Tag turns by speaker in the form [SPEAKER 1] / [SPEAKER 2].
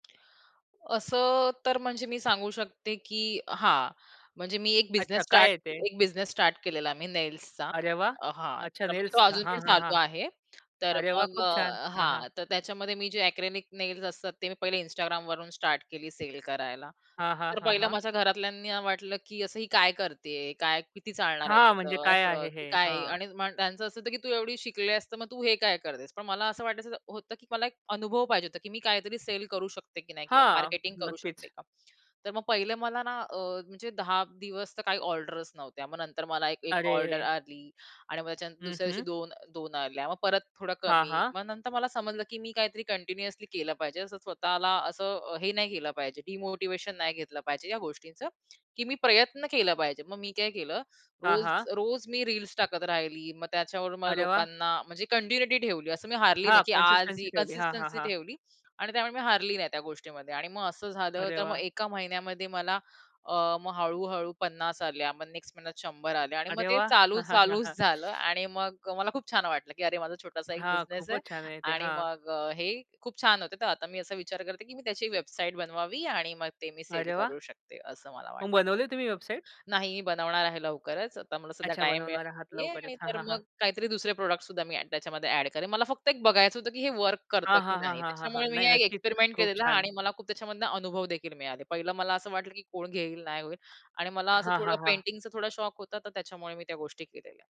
[SPEAKER 1] असं तर म्हणजे मी सांगू शकते की हां म्हणजे मी एक
[SPEAKER 2] अच्छा
[SPEAKER 1] बिझनेस
[SPEAKER 2] काय
[SPEAKER 1] स्टार्ट
[SPEAKER 2] आहे ते?
[SPEAKER 1] एक बिझनेस स्टार्ट केलेला मी नेल्सचा.
[SPEAKER 2] अरे वाह!
[SPEAKER 1] अ, हां,
[SPEAKER 2] अच्छा
[SPEAKER 1] तर म्हणजे तो
[SPEAKER 2] नेल्स हां,
[SPEAKER 1] अजून पण
[SPEAKER 2] हां, हां.
[SPEAKER 1] चालू आहे. तर
[SPEAKER 2] अरे वाह!
[SPEAKER 1] मग
[SPEAKER 2] खूप
[SPEAKER 1] अ,
[SPEAKER 2] छान! हां, हां.
[SPEAKER 1] हां, तर त्याच्यामध्ये मी जे एक्रिलिक नेल्स असतात ते मी पहिले Instagramवरून स्टार्ट केली सेल करायला.
[SPEAKER 2] हां, हां,
[SPEAKER 1] तर
[SPEAKER 2] हां,
[SPEAKER 1] पहिलं
[SPEAKER 2] हां.
[SPEAKER 1] माझ्या घरातल्यांना वाटलं की "असं ही काय करती आहे? काय किती चालणार आहे
[SPEAKER 2] हां, म्हणजे
[SPEAKER 1] त्याचं?
[SPEAKER 2] काय
[SPEAKER 1] असं.
[SPEAKER 2] आहे
[SPEAKER 1] की
[SPEAKER 2] हे?
[SPEAKER 1] काय?"
[SPEAKER 2] हां.
[SPEAKER 1] आणि म्हण त्यांचं असं होतं की "तू एवढी शिकली आहेस तर मग तू हे काय करतेस?" पण मला असं वाटायचं होतं की मला एक अनुभव पाहिजे होता की मी काहीतरी सेल करू शकते की नाही किंवा
[SPEAKER 2] हां.
[SPEAKER 1] मार्केटिंग करू शकते
[SPEAKER 2] नक्कीच.
[SPEAKER 1] का? तर मग पहिलं मला ना अ, म्हणजे 10 दिवस तर काही ऑर्डर्स नव्हत्या. मग नंतर मला एक-एक ऑर्डर
[SPEAKER 2] अरे.
[SPEAKER 1] आली आणि मग त्याच्यानंतर
[SPEAKER 2] हं,
[SPEAKER 1] दुसऱ्या दिवशी
[SPEAKER 2] हं.
[SPEAKER 1] दोन दोन आल्या. मग परत थोडं
[SPEAKER 2] हां,
[SPEAKER 1] कमी.
[SPEAKER 2] हां.
[SPEAKER 1] मग नंतर मला समजलं की मी काहीतरी कंटिन्युअसली केलं पाहिजे असं स्वतःला असं अ, हे नाही केलं पाहिजे डिमोटिव्हेशन नाही घेतलं पाहिजे या गोष्टींचं की मी प्रयत्न केला पाहिजे. मग मी काय केलं
[SPEAKER 2] हां,
[SPEAKER 1] रोज
[SPEAKER 2] हां.
[SPEAKER 1] रोज मी रील्स टाकत राहिली. मग त्याच्यावरून मला
[SPEAKER 2] अरे वाह!
[SPEAKER 1] लोकांना म्हणजे कन्टिन्युइटी ठेवली असं मी हारली नाही
[SPEAKER 2] हां,
[SPEAKER 1] की आज
[SPEAKER 2] कन्सिस्टन्सी
[SPEAKER 1] ही
[SPEAKER 2] ठेवली हां, हां,
[SPEAKER 1] कन्सिस्टन्सी
[SPEAKER 2] हां.
[SPEAKER 1] ठेवली आणि त्यामुळे मी हारली नाही त्या गोष्टीमध्ये. आणि मग असं झालं
[SPEAKER 2] अरे
[SPEAKER 1] तर मग
[SPEAKER 2] वाह!
[SPEAKER 1] एका महिन्यामध्ये मला अ, मग हळू-हळू 50 आल्या. मग नेक्स्ट महिन्यात 100 आल्या आणि मग
[SPEAKER 2] अरे
[SPEAKER 1] ते
[SPEAKER 2] वाह!
[SPEAKER 1] चालू
[SPEAKER 2] हां, हां. हां,
[SPEAKER 1] चालूच
[SPEAKER 2] हां.
[SPEAKER 1] झालं. आणि मग मला खूप छान वाटलं की "अरे माझा छोटासा एक
[SPEAKER 2] हां.
[SPEAKER 1] बिझनेस आहे
[SPEAKER 2] खूपच छान आहे ते
[SPEAKER 1] आणि
[SPEAKER 2] हां.
[SPEAKER 1] मग अ, हे खूप छान होते, तर आता मी असा विचार करते की मी त्याची वेबसाईट बनवावी आणि मग ते मी सेल
[SPEAKER 2] अरे वाह!
[SPEAKER 1] करू शकते" असं मला वाटतं.
[SPEAKER 2] मग बनवली तुम्ही वेबसाईट?
[SPEAKER 1] नाही बनवणार आहे लवकरच आता मला सध्या
[SPEAKER 2] अच्छा,
[SPEAKER 1] टाईम मिळत
[SPEAKER 2] बनवणार आहात
[SPEAKER 1] नाहीये आणि
[SPEAKER 2] लवकरच हां,
[SPEAKER 1] तर
[SPEAKER 2] हां, हां.
[SPEAKER 1] मग काहीतरी दुसरे प्रॉडक्टसुद्धा मी ॲड त्याच्यामध्ये ॲड करेन. मला फक्त एक बघायचं होतं की हे वर्क करतं
[SPEAKER 2] हां,
[SPEAKER 1] की
[SPEAKER 2] हां, हां,
[SPEAKER 1] नाही?
[SPEAKER 2] हां, हां, हां.
[SPEAKER 1] त्याच्यामुळे मी
[SPEAKER 2] नाही,
[SPEAKER 1] हा एक
[SPEAKER 2] नक्कीच.
[SPEAKER 1] एक्सपेरिमेंट
[SPEAKER 2] खूप
[SPEAKER 1] केलेला आणि
[SPEAKER 2] छान!
[SPEAKER 1] मला खूप त्याच्यामधनं अनुभव देखील मिळाले. पहिलं मला असं वाटलं की कोण घेईल नाही होईल. आणि मला असं
[SPEAKER 2] हां,
[SPEAKER 1] थोडं
[SPEAKER 2] हां, हां.
[SPEAKER 1] पेंटिंगचा थोडा शौक होता तर त्याच्यामुळे मी त्या गोष्टी केलेल्या.